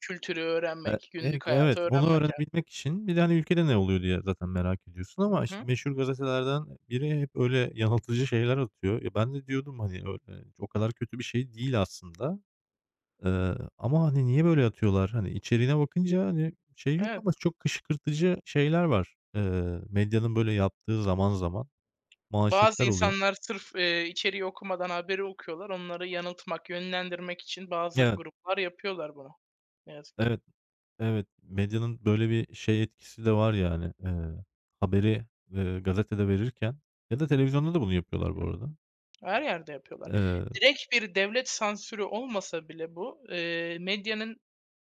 Kültürü Eee, öğrenmek, günlük [unintelligible] Evet, hayatı onu öğrenmek, yani. öğrenebilmek için, bir de, hani, ülkede ne oluyor diye, zaten merak ediyorsun Hı ama, işte, hı. meşhur gazetelerden biri hep öyle yanıltıcı şeyler atıyor. E, ben de diyordum, hani, [unintelligible] o kadar kötü bir şey değil aslında, ııı, ama, hani, niye böyle atıyorlar? Hani, içeriğine bakınca, hani, şey yok Evet. ama çok kışkırtıcı şeyler var. Iıı, medyanın böyle yaptığı zaman zaman Bazı manşetler oluyor. insanlar sırf, eee, içeriği okumadan haberi okuyorlar, onları yanıltmak, yönlendirmek için bazı Evet. gruplar yapıyorlar bunu, ne yazık ki. Evet, evet. Medyanın böyle bir şey etkisi de var, yani, eee, haberi, eee, gazetede verirken ya da televizyonda da bunu yapıyorlar bu arada. Hı hı. Her yerde yapıyorlar. Eee. Direkt bir devlet sansürü olmasa bile bu, eee, medyanın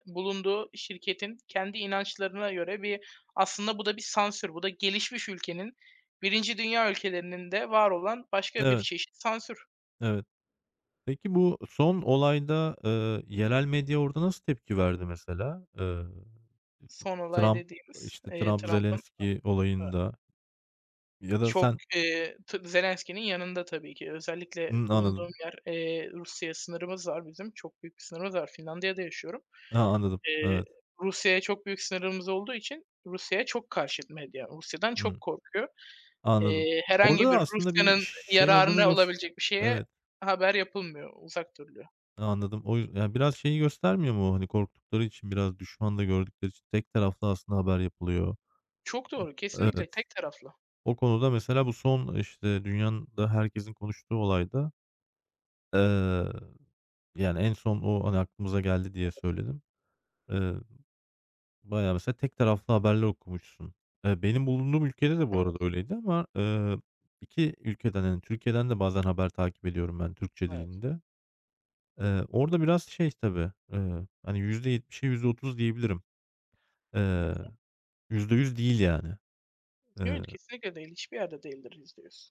bulunduğu, şirketin kendi inançlarına göre bir, aslında bu da bir sansür. Bu da gelişmiş ülkenin, 1. dünya ülkelerinin de var olan başka bir Evet. çeşit sansür. Evet. Peki, bu son olayda, ııı, yerel medya orada nasıl tepki verdi, mesela? Iıı, T Son olay Trump, dediğimiz, işte, eee, Trump, Trump'ın Zelenski [unintelligible] olayında ya da Çok, sen eee tabii Zelenski'nin yanında tabii ki, özellikle Hımm, bulunduğum anladım. yer, eee, Rusya'ya sınırımız var bizim, çok büyük bir sınırımız var. Finlandiya'da yaşıyorum. A, anladım. Eee, Evet. Rusya'ya çok büyük sınırımız olduğu için Rusya'ya çok karşıt medya, Rusya'dan Hı. çok korkuyor. Anladım. Eee, Orada herhangi bir da aslında bir Rusya'nın ş şey olduğunu yararına gös olabilecek bir şeye evet. haber yapılmıyor, uzak duruluyor. Anladım. O, y biraz şeyi göstermiyor mu? Hani, korktukları için, biraz düşman da gördükleri için, tek taraflı aslında haber yapılıyor. Çok doğru, kesinlikle, Evet. tek taraflı. O konuda mesela bu son, işte, dünyanın da herkesin konuştuğu olayda, eee, yani, en son o, hani, aklımıza geldi diye Evet. söyledim. Eee, bayağı mesela tek taraflı haberler okumuşsun. Eee, benim bulunduğum ülkede de bu arada Evet. öyleydi ama, ııı, 2 ülkeden hani Türkiye'den de bazen haber takip ediyorum ben Türkçe Evet. dilinde. Eee, orada biraz şey tabii, ııı, hani, %70'e %30 diyebilirim. Hı Eee, hı. %100 değil, yani. Eee Evet, kesinlikle değil, hiçbir yerde değildir %100